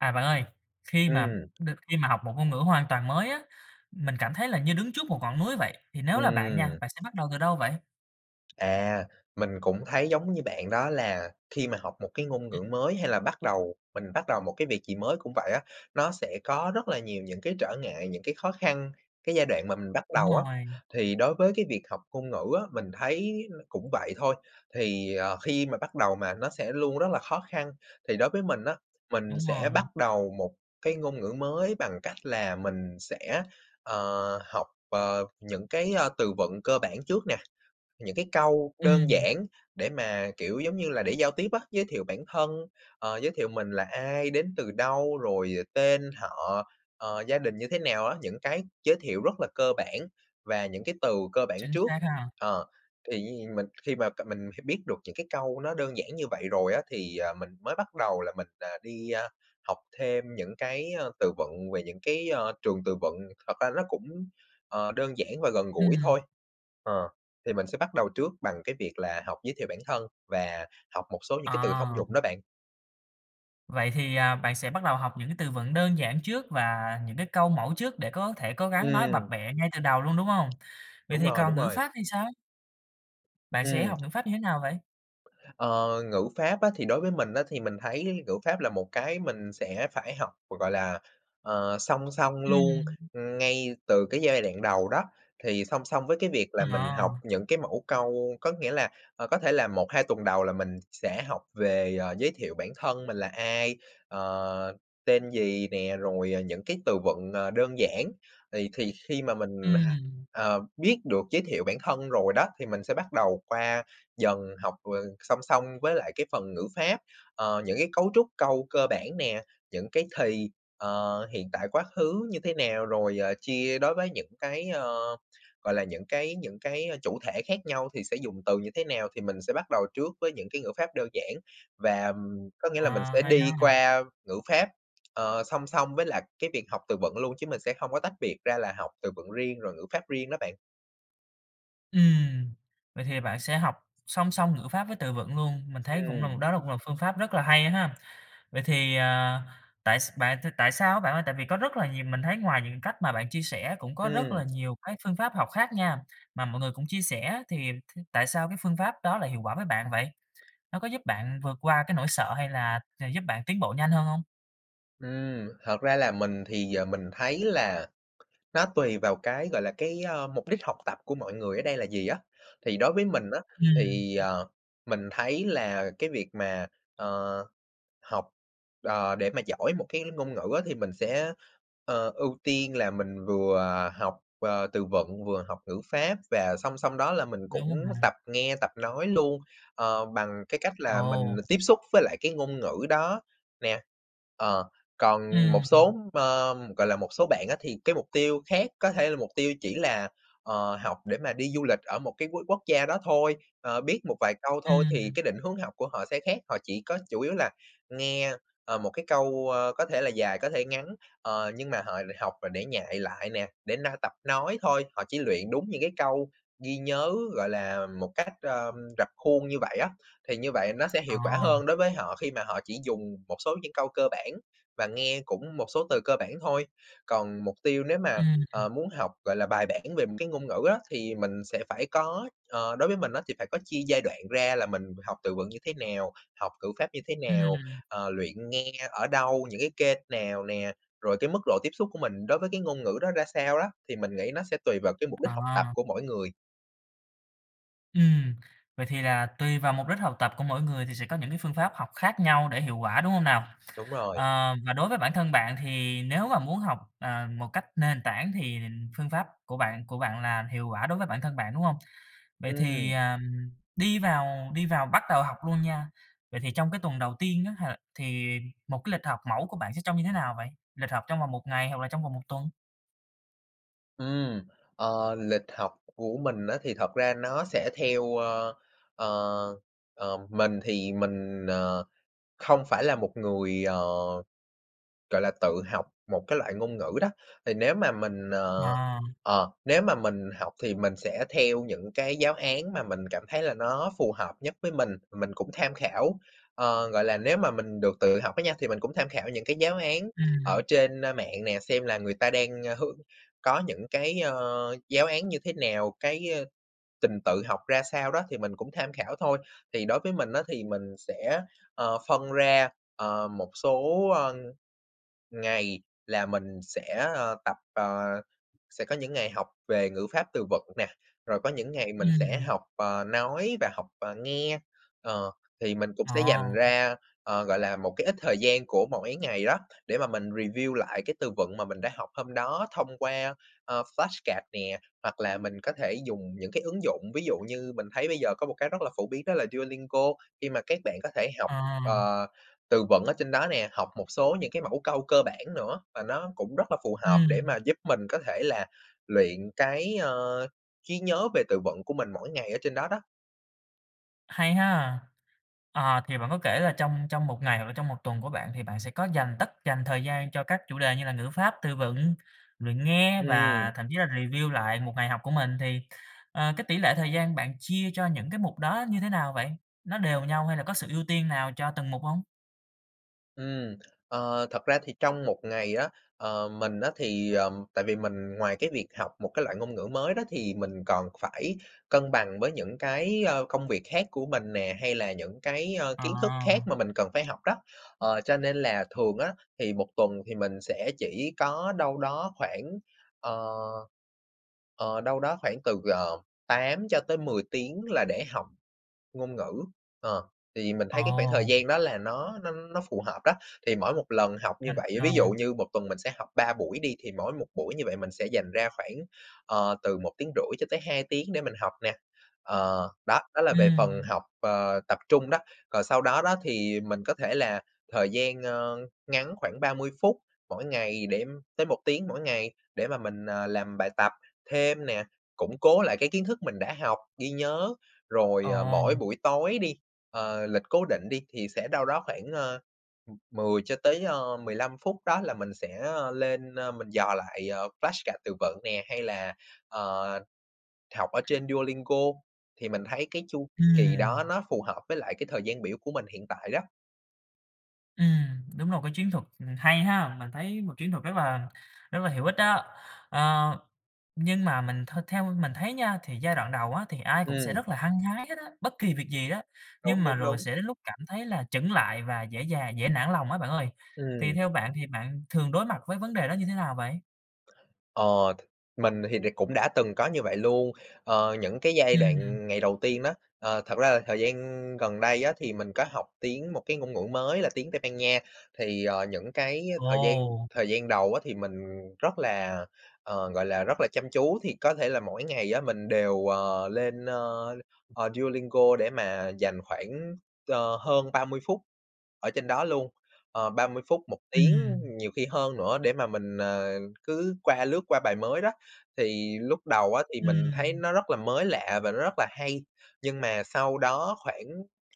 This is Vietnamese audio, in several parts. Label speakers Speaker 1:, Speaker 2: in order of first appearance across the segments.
Speaker 1: À, bạn ơi, khi mà
Speaker 2: Ừm.
Speaker 1: được khi mà học một ngôn ngữ hoàn toàn mới á, mình cảm thấy là như đứng trước một ngọn núi vậy. Thì nếu là bạn nha,
Speaker 2: Ừm.
Speaker 1: bạn sẽ bắt đầu từ đâu vậy?
Speaker 2: À, mình cũng thấy giống như bạn, đó là khi mà học một cái ngôn
Speaker 1: Ừm.
Speaker 2: ngữ mới hay là bắt đầu mình bắt đầu một cái việc gì mới cũng vậy á. Nó sẽ có rất là nhiều những cái trở ngại, những cái khó khăn, cái giai đoạn mà mình bắt
Speaker 1: Đúng
Speaker 2: đầu á.
Speaker 1: rồi.
Speaker 2: Thì đối với cái việc học ngôn ngữ á, mình thấy cũng vậy thôi. Thì, ờ, khi mà bắt đầu mà, nó sẽ luôn rất là khó khăn. Thì đối với mình á, mình
Speaker 1: Đúng
Speaker 2: sẽ
Speaker 1: rồi.
Speaker 2: bắt đầu một cái ngôn ngữ mới bằng cách là mình sẽ, ờ, học, ờ, những cái, ơ, từ vựng cơ bản trước nè. Những cái câu đơn
Speaker 1: Ừm.
Speaker 2: giản để mà, kiểu giống như là, để giao tiếp á, giới thiệu bản thân, ờ, giới thiệu mình là ai, đến từ đâu, rồi tên, họ, ờ, gia đình như thế nào á. Những cái giới thiệu rất là cơ bản và những cái từ cơ bản
Speaker 1: Chính
Speaker 2: trước.
Speaker 1: xác ha.
Speaker 2: Ờ. Thì như vậy mình khi mà c mình biết được những cái câu nó đơn giản như vậy rồi á, thì, ờ, mình mới bắt đầu là mình, ờ, đi, ơ, học thêm những cái, ơ, từ vựng về những cái, ơ, trường từ vựng. Thật ra ró cũng, ờ, đơn giản và gần gũi
Speaker 1: Ừm.
Speaker 2: thôi. Ờ. Thì mình sẽ bắt đầu trước bằng cái việc là học giới thiệu bản thân và học một số những cái từ thông
Speaker 1: À.
Speaker 2: dụng đó, bạn.
Speaker 1: Vậy thì, à, bạn sẽ bắt đầu học những cái từ vựng đơn giản trước và những câu mẫu trước để có thể cố gắng nói bập
Speaker 2: Ừm.
Speaker 1: bẹ ngay từ đầu luôn, đúng hông? Vậy
Speaker 2: Đúng
Speaker 1: thì
Speaker 2: rồi,
Speaker 1: còn
Speaker 2: đúng
Speaker 1: ngữ
Speaker 2: rồi.
Speaker 1: pháp thì sao? Bạn sẽ
Speaker 2: Ừm.
Speaker 1: học ngữ pháp như thế nào vậy?
Speaker 2: Ờ, ngữ pháp á thì đối với mình á, thì mình thấy ngữ pháp là một cái mình sẽ phải học, hoặc gọi là, ờ, song song luôn,
Speaker 1: Ừm.
Speaker 2: ưm, ngay từ cái giai đoạn đầu đó. Thì song song với cái việc là mình học
Speaker 1: À.
Speaker 2: những cái mẫu câu có nghĩa là, ờ, có thể là 1-2 tuần đầu là mình sẽ học về, à, giới thiệu bản thân mình là ai, ờ, tên gì nè, rồi, ờ, những cái từ vựng, ờ, đơn giản. Thì thì khi mà mình đa
Speaker 1: Ừm.
Speaker 2: ờ, biết được giới thiệu bản thân rồi đó, thì mình sẽ bắt đầu qua dần học, ờ, song song với lại cái phần ngữ pháp, ờ, những cái cấu trúc câu cơ bản nè, những cái thì, ờ, hiện tại, quá khứ như thế nào, rồi, ờ, chia đối với những cái, ơ, gọi là, những cái những cái chủ thể khác nhau thì sẽ dùng từ như thế nào, thì mình sẽ bắt đầu trước với những cái ngữ pháp đơn giản. Và, ừm, có nghĩa là mình
Speaker 1: À,
Speaker 2: sẽ
Speaker 1: hay
Speaker 2: đi
Speaker 1: ha.
Speaker 2: qua ngữ pháp, ờ, song song với lại cái việc học từ vựng luôn, chứ mình sẽ hông có tách biệt ra là học từ vựng riêng, rồi ngữ pháp riêng đó bạn.
Speaker 1: Ừm. Vậy thì bạn sẽ học song song ngữ pháp với từ vựng luôn. Mình thấy cũng là m
Speaker 2: Ừm.
Speaker 1: đó cũng là phương pháp rất là hay ha. Vậy thì, ờ tại s bạn thì tại sao á bạn ơi? Tại vì có rất là nhiều mình thấy ngoài những cái cách mà bạn chia sẻ cũng có rất là
Speaker 2: Ừm.
Speaker 1: nhiều cái phương pháp học khác nha, mà mọi người cũng chia sẻ, thì t tại sao phương pháp đó lại hiệu quả với bạn vậy? Nó có giúp bạn vượt qua nỗi sợ hay là gi giúp bạn tiến bộ nhanh hơn hông?
Speaker 2: Ừm. Thật ra là mình thì giờ mình thấy là nó tùy vào cái, gọi là, cái, ơ, mục đích học tập của mọi người ở đây là gì á. Thì đối với mình á,
Speaker 1: Ừm.
Speaker 2: thì, ờ, mình thấy là cái việc mà, ờ, học, ờ, để mà giỏi một cái ngôn ngữ á, thì mình sẽ, ờ, ưu tiên là mình vừa học, ờ, từ vựng, vừa học ngữ pháp và song song đó là mình
Speaker 1: Đúng
Speaker 2: cũng
Speaker 1: rồi mà.
Speaker 2: tập nghe, tập nói luôn, ờ, bằng cái cách là mình
Speaker 1: Ồ!
Speaker 2: tiếp xúc với lại cái ngôn ngữ đó nè. Ờ, còn một số
Speaker 1: Ừm.
Speaker 2: m gọi là, một số bạn á thì cái mục tiêu khác có thể là mục tiêu chỉ là, ờ, học để mà đi du lịch ở một cái quốc quốc gia đó thôi, ờ, biết một vài câu thôi thì
Speaker 1: Ừm.
Speaker 2: cái định hướng học của họ sẽ khác. Họ chỉ có chủ yếu là nghe, ờ, một cái câu, ơ, có thể là dài, có thể ngắn, ờ, nhưng mà họ lại học là để nhại lại nè, để na tập nói thôi. Họ chỉ luyện đúng những cái câu ghi nhớ gọi là, một cách, ơm, rập khuôn như vậy á, thì như vậy nó sẽ hiệu quả
Speaker 1: À.
Speaker 2: hơn đối với họ khi mà họ chỉ dùng một số những câu cơ bản và nghe cũng một số từ cơ bản thôi. Còn mục tiêu nếu mà,
Speaker 1: Ừm.
Speaker 2: ờ, muốn học, gọi là, bài bản về một cái ngôn ngữ á thì mình sẽ phải có ờ, đối với mình á, thì phải có chia giai đoạn ra là mình học từ vựng như thế nào? Học ngữ pháp như thế nào?
Speaker 1: Ừm.
Speaker 2: Ờ, luyện nghe ở đâu? Những cái kênh nào nè? Rồi cái mức độ tiếp xúc của mình đối với cái ngôn ngữ đó ra sao lá? Thì mình nghĩ nó sẽ tùy vào mục đích học tập
Speaker 1: À.
Speaker 2: của mỗi người.
Speaker 1: Ừm. Vậy thì là tùy vào mục đích học tập của mỗi người thì sẽ có những phương pháp học khác nhau để hiệu quả, đúng hông nào?
Speaker 2: Đúng rồi.
Speaker 1: Ờ, và đối với bản thân bạn, thì nếu mà muốn học, ờ, một cách nền tảng thì phương pháp của bạn của bạn là hiệu quả đối với bản thân bạn, đúng không? Vậy thì,
Speaker 2: Ừm!
Speaker 1: ờm, đi vào đi vào bắt đầu học luôn nha, vậy thì trong cái tuần đầu tiên á h thì một cái lịch học mẫu của bạn sẽ trông như thế nào vậy? Lịch học trong vòng 1 ngày hoặc là trong vòng 1 tuần?
Speaker 2: Ừm. Ờ, lịch học của mình á, thì thật ra nó sẽ theo ơ, ờ, ờ, mình thì mình, ờ, không phải là một người, ờ, gọi là, tự học một cái loại ngôn ngữ đó. Thì nếu mà mình, ờ,
Speaker 1: À.
Speaker 2: ờ, nếu mà mình học thì mình sẽ theo những cái giáo án mà mình cảm thấy là nó phù hợp nhất với mình, mình cũng tham khảo. Ờ, gọi là, nếu mà mình được tự học á nha, thì mình cũng tham khảo những cái giáo án ở
Speaker 1: Ừm.
Speaker 2: trên, ơ, mạng nè, xem là người ta đang, ờ, hướng có những cái, ờ, giáo án như thế nào, cái, ờ, trình tự học ra sao đó, thì mình cũng tham khảo thôi. Thì đối với mình á, thì mình sẽ, ờ, phân ra, ờ, một số, ơ, ngày là mình sẽ, ờ, tập ờ, sẽ có những ngày học về ngữ pháp, từ vựng nè, rồi có những ngày mình sẽ, ờ,
Speaker 1: Ừm.
Speaker 2: học nói và học, ờ, nghe. Ờ, thì mình cũng sẽ
Speaker 1: À.
Speaker 2: dành ra, ờ, gọi là, một cái ít thời gian của mỗi ngày đó để mà mình review lại cái từ vựng mà mình đã học hôm đó thông qua, ờ, flashcard nè. Hoặc là mình có thể dùng những ứng dụng, ví dụ như mình thấy bây giờ có một cái rất là phổ biến đó là Duolingo. Khi mà các bạn có thể học,
Speaker 1: À.
Speaker 2: ờ, từ vựng ở trên đó nè, học một số những cái mẫu câu cơ bản nữa. Và nó cũng rất là phù hợp để
Speaker 1: Ừm.
Speaker 2: mà giúp mình có thể là luyện cái, ờ, trí nhớ về từ vựng của mình mỗi ngày ở trên đó đó.
Speaker 1: Hay ha! Ờ, thì bạn có kể là trong trong một ngày hoặc là trong một tuần của bạn thì bạn sẽ có dành tất dành thời gian cho các chủ đề như là ngữ pháp, từ vựng, luyện nghe và
Speaker 2: Ừm.
Speaker 1: thậm chí là review lại một ngày học của mình. Thì, ờ, cái tỷ lệ thời gian bạn chia cho những mục đó như thế nào vậy? Nó đều nhau hay là có sự ưu tiên nào cho từng mục hông?
Speaker 2: Ừm. Ờ, thật ra thì trong một ngày á, ờ, mình á, thì, ờm, tại vì mình ngoài cái việc học một cái loại ngôn ngữ mới đó thì mình còn phải cân bằng với những cái, a, công việc khác của mình nè, hay là những cái, a, kiến thức khác
Speaker 1: À.
Speaker 2: mà mình cần phải học đó. Ờ, cho nên là thường á, thì 1 tuần thì mình sẽ chỉ có đâu đó khoảng, ờ ờ, đâu đó khoảng từ, ờ, 8 cho tới 10 tiếng là để học ngôn ngữ. Ờ, thì mình thấy cái khoảng thời
Speaker 1: Ồ.
Speaker 2: gian đó là nó nó nó phù hợp đó. Thì mỗi một lần học như
Speaker 1: À,
Speaker 2: vậy, ví dụ
Speaker 1: à.
Speaker 2: như 1 tuần mình sẽ học 3 buổi đi, thì mỗi một buổi như vậy mình sẽ dành ra khoảng, ờ, từ 1,5 tiếng cho tới 2 tiếng để mình học nè. Ờ, đó, đó là về phần
Speaker 1: Ừm.
Speaker 2: học, ờ, tập trung đó, còn sau đó đó, thì mình có thể là thời gian, ơ, ngắn khoảng 30 phút mỗi ngày, để tới 1 tiếng mỗi ngày, để mà mình, ờ, làm bài tập thêm nè, củng cố lại cái kiến thức mình đã học, ghi nhớ. Rồi, ờ, mỗi
Speaker 1: Ồ.
Speaker 2: buổi tối đi, ờ, lịch cố định đi, thì sẽ đâu đó khoảng, ơ, ừm, 10 cho tới, ơ, 15 phút, đó là mình sẽ, ơ, lên, ơ, mình dò lại, à, flash card từ vựng nè, hay là, ờ, học ở trên Duolingo. Thì mình thấy cái chu kỳ đó
Speaker 1: Ừm.
Speaker 2: nó phù hợp với lại cái thời gian biểu của mình hiện tại đó.
Speaker 1: Ừm. Đúng là một cái chiến thuật, ừm, hay ha. Mình thấy một chiến thuật rất là rất là hữu ích đó. À, nhưng mà mình th theo mình thấy nha, thì giai đoạn đầu á thì ai cũng sẽ
Speaker 2: Ừm.
Speaker 1: rất là hăng hái hết á, bất kỳ việc gì đó,
Speaker 2: Đúng,
Speaker 1: nhưng mà
Speaker 2: đúng,
Speaker 1: rồi
Speaker 2: đúng.
Speaker 1: sẽ đến lúc cảm thấy là chững lại và dễ dà dễ nản lòng á bạn ơi. Thì
Speaker 2: Ừm.
Speaker 1: theo bạn thì bạn thường đối mặt với vấn đề đó như thế nào vậy?
Speaker 2: Ờ, th mình thì đ cũng đã từng có như vậy luôn. Ờ, những cái giai
Speaker 1: Ừm.
Speaker 2: đoạn ngày đầu tiên đó ờ, thật ra là thời gian gần đây á, thì mình có học tiếng một cái ngôn ngữ mới là tiếng Tây Ban Nha, thì, ờ, những cái thời gian
Speaker 1: Ồ!
Speaker 2: thời gian đầu á thì mình rất là, ờ, gọi là, rất là chăm chú, thì có thể là mỗi ngày á, mình đều, ờ, lên, ơ, ờ, Duolingo để mà dành khoảng, ơ, hơn 30 phút ở trên đó luôn, ờ, 30 phút, 1 tiếng
Speaker 1: Ừm.
Speaker 2: nhiều khi hơn nữa, để mà mình, ờ, cứ qua lướt qua bài mới đó. Thì lúc đầu á, thì mình thấy
Speaker 1: Ừm.
Speaker 2: nó rất là mới lạ và nó rất là hay, nhưng mà sau đó khoảng,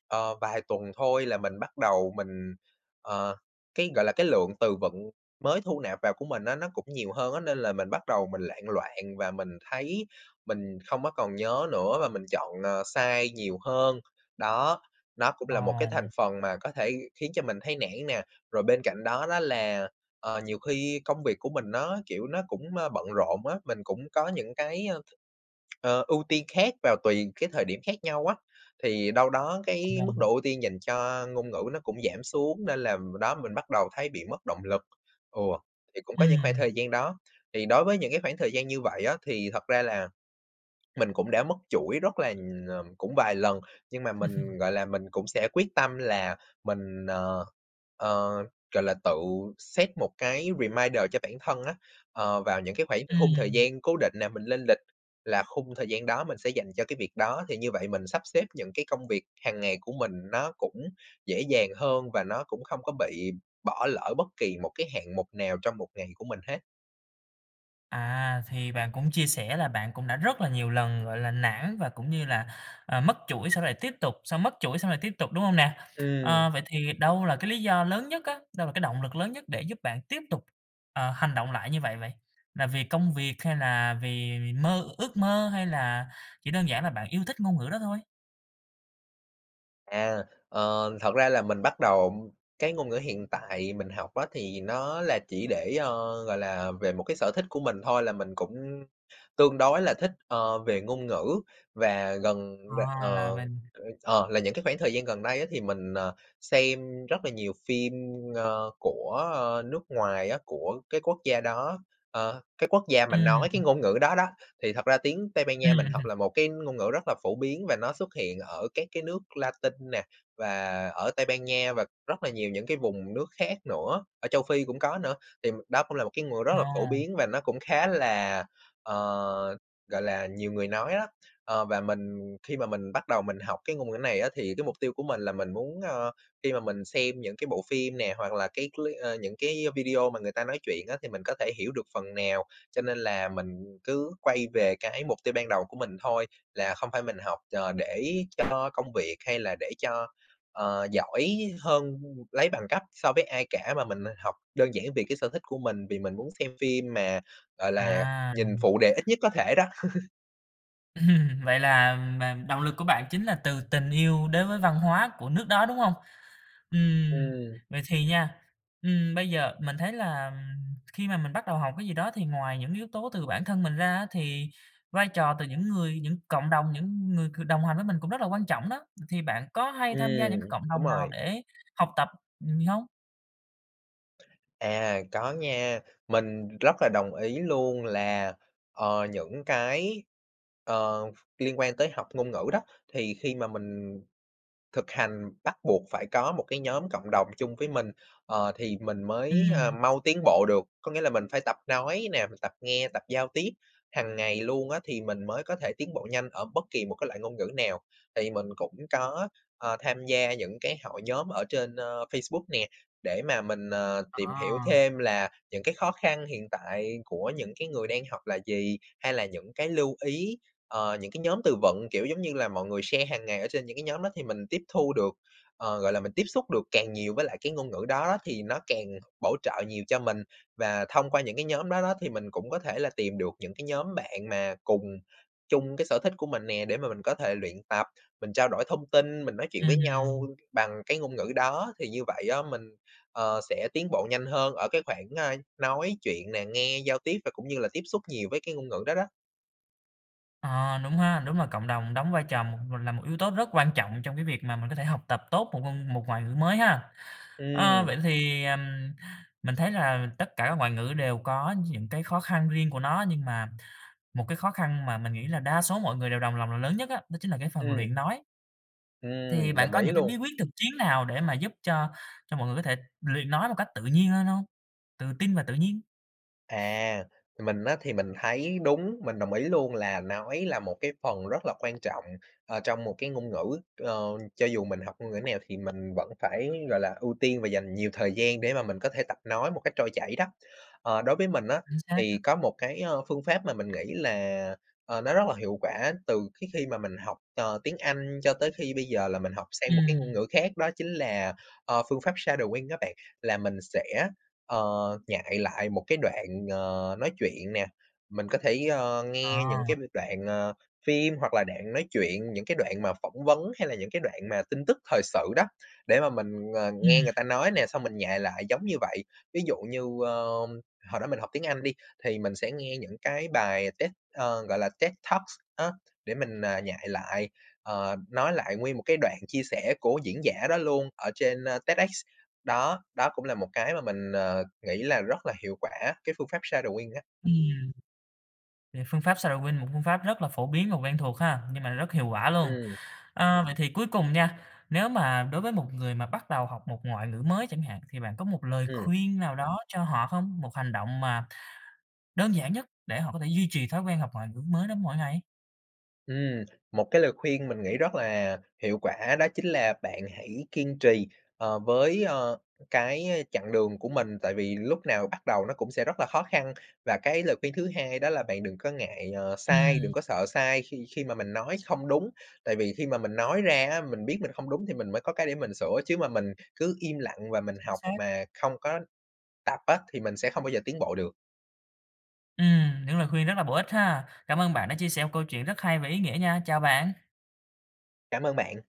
Speaker 2: ờ, vài tuần thôi là mình bắt đầu mình ờ, cái gọi là, cái lượng từ vựng mới thu nạp vào của mình nó nó cũng nhiều hơn á, nên là mình bắt đầu mình loạn loạn và mình thấy mình không có còn nhớ nữa, và mình chọn, ờ, sai nhiều hơn. Đó, nó cũng là một cái thành
Speaker 1: Ồ.
Speaker 2: phần mà có thể khiến cho mình thấy nản nè. Rồi bên cạnh đó đó là, ờ, nhiều khi công việc của mình nó, kiểu, nó cũng, ơ, bận rộn á, mình cũng có những cái, ờ, ưu tiên khác vào tùy cái thời điểm khác nhau á, thì đâu đó cái mức
Speaker 1: [unintelligible]
Speaker 2: độ ưu tiên dành cho ngôn ngữ nó cũng giảm xuống, nên làm b đó mình bắt đầu thấy bị mất động lực. Ừ, thì cũng có những khoảng
Speaker 1: Ừm.
Speaker 2: thời gian đó. Thì đối với những cái khoảng thời gian như vậy á, thì thật ra là, mình cũng đã mất chuỗi rất là ờ, cũng vài lần, nhưng mà mình, gọi là, mình cũng sẽ quyết tâm là mình, ờ, ờ, gọi là, tự set một cái reminder cho bản thân á. Ờ, vào những cái khoảng khung thời
Speaker 1: Ừm.
Speaker 2: gian cố định nè, mình lên lịch là khung thời gian đó mình sẽ dành cho cái việc đó, thì như vậy mình sắp xếp những cái công việc hàng ngày của mình nó cũng dễ dàng hơn và nó cũng không có bị bỏ lỡ bất kỳ một cái hạng mục nào trong một ngày của mình hết.
Speaker 1: À, thì bạn cũng chia sẻ là bạn cũng đã rất là nhiều lần, gọi là, nản và cũng như là, à, mất chuỗi xong lại tiếp tục, xong mất chuỗi xong lại tiếp tục, đúng hông nè? Ờ,
Speaker 2: Ừm.
Speaker 1: vậy thì đâu là cái lý do lớn nhất á? Đâu là cái động lực lớn nhất để giúp bạn tiếp tục à, hành động lại như vậy vậy? Là vì công việc hay là vì mơ ước mơ hay là chỉ đơn giản là bạn yêu thích ngôn ngữ đó thôi?
Speaker 2: À. Ờ, thật ra là mình bắt đầu cái ngôn ngữ hiện tại mình học á thì nó là chỉ để, ờ, gọi là, về một sở thích của mình thôi là mình cũng tương đối là thích, ờ, về ngôn ngữ và gần những bạn, ờ,
Speaker 1: À, là mình
Speaker 2: ơ, ờ, là những cái khoảng thời gian gần đây á, thì mình, ờ, xem rất là nhiều phim, ơ, của, ơ, nước ngoài á, của cái quốc gia đó, ờ, cái quốc gia mà nói cái
Speaker 1: Ừm.
Speaker 2: ngôn ngữ đó đó. Thì thật ra tiếng Tây Ban Nha mình học
Speaker 1: Ừm.
Speaker 2: là một cái ngôn ngữ rất là phổ biến và nó xuất hiện ở các cái nước Latinh nè, và ở Tây Ban Nha và rất là nhiều những cái vùng nước khác nữa, ở Châu Phi cũng có nữa. Thì m đó cũng là cái ngữ rất là phổ
Speaker 1: Ồ.
Speaker 2: biến và nó cũng khá là, ờ, gọi là, nhiều người nói á. Ờ, và mình khi mà mình bắt đầu mình học cái ngôn ngữ này á thì cái mục tiêu của mình là mình muốn, ờ, khi mà mình xem những cái bộ phim nè, hoặc là cái clip ơ, những video mà người ta nói chuyện á, thì mình có thể hiểu được phần nào. Cho nên là mình cứ quay về cái mục tiêu ban đầu của mình thôi, là không phải mình học chờ để cho công việc hay là để cho, ờ, giỏi hơn, lấy bằng cấp so với ai cả, mà mình học đơn giản vì cái sở thích của mình, vì mình muốn xem phim mà, gọi là,
Speaker 1: À.
Speaker 2: nhìn phụ đề ít nhất có thể đó.
Speaker 1: Ừm, vậy là m động lực của bạn chính là từ tình yêu đến với văn hóa của nước đó, đúng hông? Ừm,
Speaker 2: Ừm.
Speaker 1: vậy thì nha, ừm, bây giờ, mình thấy là, ừm, khi mà mình bắt đầu học cái gì đó thì ngoài những yếu tố từ bản thân mình ra á thì vai trò từ những người, những cộng đồng, những người c đồng hành với mình cũng rất là quan trọng đó. Ừ, thì bạn có hay tham gia những cái
Speaker 2: Ừm.
Speaker 1: cộng
Speaker 2: Đúng
Speaker 1: đồng nào
Speaker 2: rồi.
Speaker 1: để học tập, ừm, hông?
Speaker 2: À, có nha. Mình rất là đồng ý luôn là, ờ, những cái, ờ, liên quan tới học ngôn ngữ đó, thì khi mà mình thực hành bắt buộc phải có một cái nhóm cộng đồng chung với mình, ờ, thì mình mới, ơ,
Speaker 1: Ừm.
Speaker 2: mau tiến bộ được. Có nghĩa là mình phải tập nói nè, mình tập nghe, tập giao tiếp hằng ngày luôn á, thì mình mới có thể tiến bộ nhanh ở bất kỳ một cái loại ngôn ngữ nào. Thì mình cũng có, ờ, tham gia những cái hội nhóm ở trên, ơ, Facebook nè để mà mình, ờ, tìm hiểu
Speaker 1: Ờ.
Speaker 2: thêm là những cái khó khăn hiện tại của những cái người đang học là gì, hay là những cái lưu ý, ờ, những cái nhóm từ vựng, kiểu giống như là, mọi người share hằng ngày ở trên những cái nhóm đó á thì mình tiếp thu được, ờ, gọi là, mình tiếp xúc được càng nhiều với lại cái ngôn ngữ đó thì nó càng bổ trợ nhiều cho mình. Và thông qua những cái nhóm đó đó thì mình cũng có thể là tìm được những cái nhóm bạn mà cùng chung cái sở thích của mình nè để mà mình có thể luyện tập, mình trao đổi thông tin, mình nói chuyện với nhau
Speaker 1: Ừm.
Speaker 2: bằng cái ngôn ngữ đó, thì như vậy á mình, ờ, sẽ tiến bộ nhanh hơn ở cái khoảng, ơ, nói chuyện nè, nghe, giao tiếp và cũng như là tiếp xúc nhiều với cái ngôn ngữ đó đó.
Speaker 1: Ờ, đúng ha. Đúng là cộng đồng đóng vai trò một là một yếu tố rất quan trọng trong cái việc mà mình có thể học tập tốt một ngôn một ngoại ngữ mới ha. Ơ,
Speaker 2: Ừm.
Speaker 1: vậy thì, ừm, mình thấy là tất cả các ngoại ngữ đều có những khó khăn riêng của nó, nhưng mà một cái khó khăn mà mình nghĩ là đa số mọi người đều đồng lòng lòng là lớn nhất đó chính là cái phần
Speaker 2: Ừm,
Speaker 1: luyện nói.
Speaker 2: ừm.
Speaker 1: Thì bạn
Speaker 2: Đồng
Speaker 1: có
Speaker 2: ý
Speaker 1: những
Speaker 2: luôn.
Speaker 1: bí quyết thực chiến nào để mà giúp cho cho mọi người có thể luyện nói một cách tự nhiên hên hông? Tự tin và tự nhiên.
Speaker 2: À, mình á thì mình thấy đúng. Mình đồng ý luôn là nói là một cái phần rất là quan trọng, ờ, trong một cái ngôn ngữ. Ờ, cho dù mình học ngôn ngữ nào thì mình vẫn phải, gọi là, ưu tiên và dành nhiều thời gian để mà mình có thể tập nói một cách trôi chảy đó. Ờ, đối với mình á
Speaker 1: Chính xác
Speaker 2: thì
Speaker 1: á.
Speaker 2: có một cái, ơ, phương pháp mà mình nghĩ là, ờ, nó rất là hiệu quả từ cái khi mà mình học, ờ, tiếng Anh cho tới khi bây giờ là mình học sang một cái ngôn
Speaker 1: Ừm.
Speaker 2: ngữ khác, đó chính là, ờ, phương pháp shadowing á bạn. Là mình sẽ, ờ, nhại lại một cái đoạn, ờ, nói chuyện nè, mình có thể, ơ, nghe những
Speaker 1: Ồ.
Speaker 2: cái đoạn, ờ, phim hoặc là đoạn nói chuyện, những cái đoạn mà phỏng vấn hay là những cái đoạn mà tin tức thời sự đó, để mà mình, ờ,
Speaker 1: Ừm.
Speaker 2: nghe người ta nói nè, xong mình nhại lại giống như vậy. Ví dụ như, ơ, hồi đó mình học tiếng Anh đi thì mình sẽ nghe những cái bài TED ơ, gọi là, TED Talks á để mình, à, nhại lại, ờ, nói lại nguyên một cái đoạn chia sẻ của diễn giả đó luôn ở trên TEDx. Đó, đó cũng là một cái mà mình, ờ, nghĩ là rất là hiệu quả, cái phương pháp shadowing á.
Speaker 1: Ừm. Vậy phương pháp shadowing, một phương pháp rất là phổ biến và quen thuộc ha, nhưng mà nó rất hiệu quả luôn.
Speaker 2: Ừm.
Speaker 1: Ơ, vậy thì cuối cùng nha, nếu mà đối với một người mà bắt đầu học một ngoại ngữ mới chẳng hạn thì bạn có một lời
Speaker 2: Ừm.
Speaker 1: khuyên nào đó cho họ không? Một hành động mà đơn giản nhất để họ có thể duy trì thói quen học ngoại ngữ mới đó mỗi ngày?
Speaker 2: Ừm. Một cái lời khuyên mình nghĩ rất là hiệu quả đó chính là bạn hãy kiên trì, ờ, với, ờ, cái chặng đường của mình. Tại vì lúc nào bắt đầu nó cũng sẽ rất là khó khăn. Và cái lời khuyên thứ hai đó là bạn đừng có ngại, ờ, sai,
Speaker 1: Ừm.
Speaker 2: đừng có sợ sai khi khi mà mình nói không đúng, tại vì khi mà mình nói ra á, mình biết mình không đúng thì mình mới có cái để mình sửa, chứ mà mình cứ im lặng và mình
Speaker 1: Chính
Speaker 2: học
Speaker 1: xác.
Speaker 2: mà không có tập á, thì mình sẽ không bao giờ tiến bộ được.
Speaker 1: Ừm. Những lời khuyên rất là bổ ích ha. Cảm ơn bạn đã chia sẻ một câu chuyện rất hay và ý nghĩa nha. Chào bạn.
Speaker 2: Cảm ơn bạn.